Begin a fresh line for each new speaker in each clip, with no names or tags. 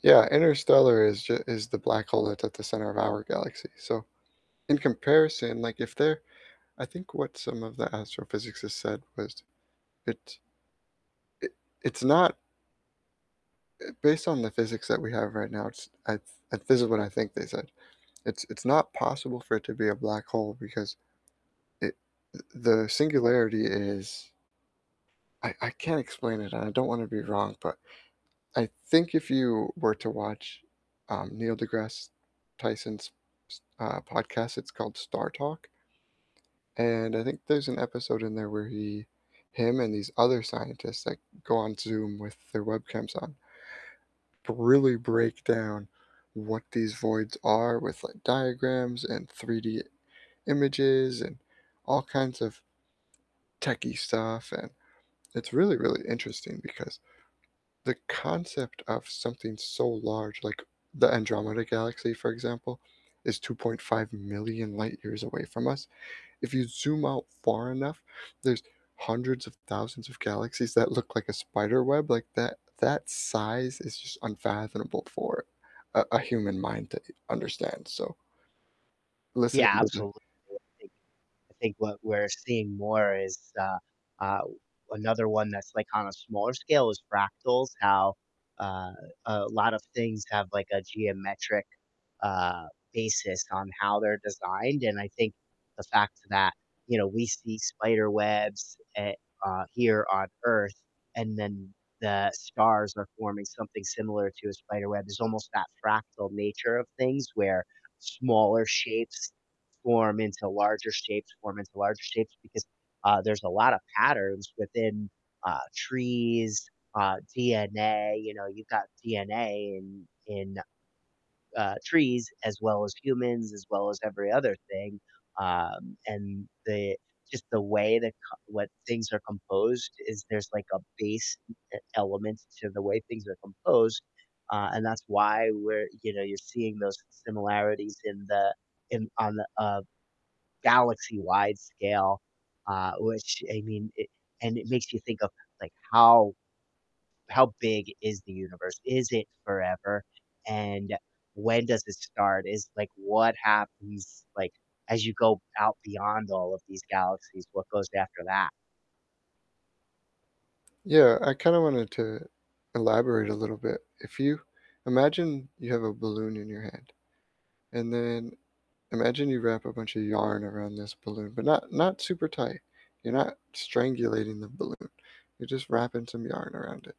Yeah, interstellar is ju is the black hole that's at the center of our galaxy. So in comparison, like if they're I think what some of the astrophysicists said was it i it's not Eh, based on the physics that we have right now, it's I th and this is what I think they said, "It's it's not possible for it to be a black hole because it th the singularity is" I I can't explain it and I don't wanna be wrong, but I think if you were to watch, um, Neil deGrasse Tyson's s uh, podcast, it's called "Star Talk" and I think there's an episode in there where he him and these other scientists, like, go on Zoom with their webcams on but really break down what these voids are with, like, diagrams and 3D images and all kinds of, techy stuff and it's really, really interesting because, the concept of something so large- like the Andromeda galaxy, for example- is 2.5 million light years away from us. If you zoom out far enough, there's hundreds of thousands of galaxies that look like a spider web, like, that that size is just unfathomable for a a human mind to eh understand, so listen
Yeah,
in [unintelligible]
absolutely. I think I think what we're seeing more is, uh uh, another one that's, like, on a smaller scale is fractals, how, uh, a lot of things have like a geometric, uh, basis on how they're designed and I think the fact that, you know, we see spiderwebs, eh uh, here on Earth, and then the stars are forming something similar to a spiderweb. There's almost that fractal nature of things where smaller shapes form into larger shapes, form into larger shapes, because, uh, there's a lotta patterns within, uh, trees, uh, DNA, you know, you've got DNA in in, uh, trees as well as humans, as well as every other thing. Um, and they just the way that ca what things are composed is there's like a base e element to the way things are composed. Uh, and that's why we're you know, you're seeing those similarities in the in on the, uh, galaxy-wide scale, uh, which I mean, it and it makes you think of like, how how big is the universe? Is it forever? And when does it start? Is, like, what happens, like, as you go out beyond all of these galaxies, what goes after that?
Yeah, I kinda wanted to elaborate a little bit. If you imagine you have a balloon in your hand, and then imagine you wrap a bunch of yarn around this balloon, but not not super tight, you're not strangulating the balloon, you're just wrapping some yarn around it,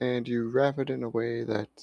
and you wrap it in a way that's